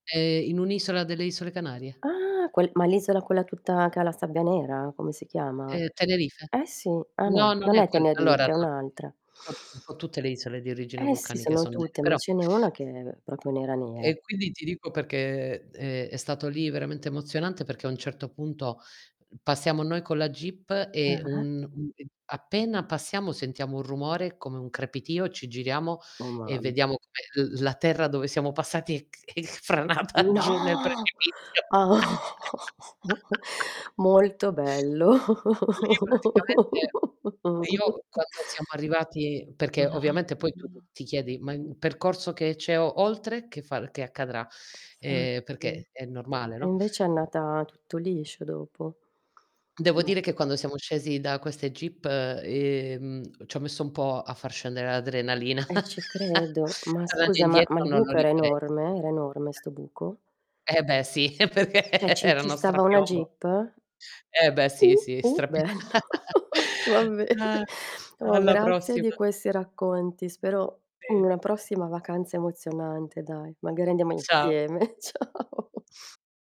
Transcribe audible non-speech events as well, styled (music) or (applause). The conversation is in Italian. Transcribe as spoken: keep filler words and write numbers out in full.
È in un'isola delle isole Canarie. Ah, quel ma l'isola quella tutta che ha la sabbia nera? Come si chiama? Ehm, Tenerife. Eh sì. Ah No, no, non non è è quel allora, Tenerife, è no (unintelligible) un'altra. un po' un po' tutte le isole di origine Eh sì, vulcanica sono son tutte, ma (unintelligible) ce n'è una che è propio nera, nera. E, quindi ti dico peché ehm, è stato lì veramente emozionante, perché a un certo punto, mhmm, passiamo noi con la Jeep e Ah-ah. un un uhm, appena passiamo sentiamo un rumore, come un crepitio, ci giriamo Oh e mam vediamo come l la terra dove siamo passati è c è c franata No. giù nel precipizio. (chuckles) (laughs) Molto bello. Lì praticamente io (chuckles) quando siamo arrivati perché ovviamente poi tu t Mamma. ti chiedi: "Ma il percorso che c'è o oltre che f che accadrà?" Ehm, nfatti. peché è normale, E no? invece è andata tutto liscio dopo? Devo Ma dire che quando siamo scesi da queste Jeep, ehm, c'ho messo un po' a far scendere l'adrenalina. E ci (chuckles) credo. Ma Tornando scusa, ma ma indietro il non lo buco era rifarei, ti enorme? dirò. Era enorme Eh. 'sto buco? Eh, beh, sì, perché ceh, ci era ci uno stava una strapiombo. Jeep? Eh, beh, sì, Uh, sì, uh, strap bello. (chuckles) Va bene. Oh, Alla grazie di prossima. questi racconti. Spero in Sì. una prossima vacanza emozionante, dai, magari andiamo Ciao. insieme. (chuckles) Ciao.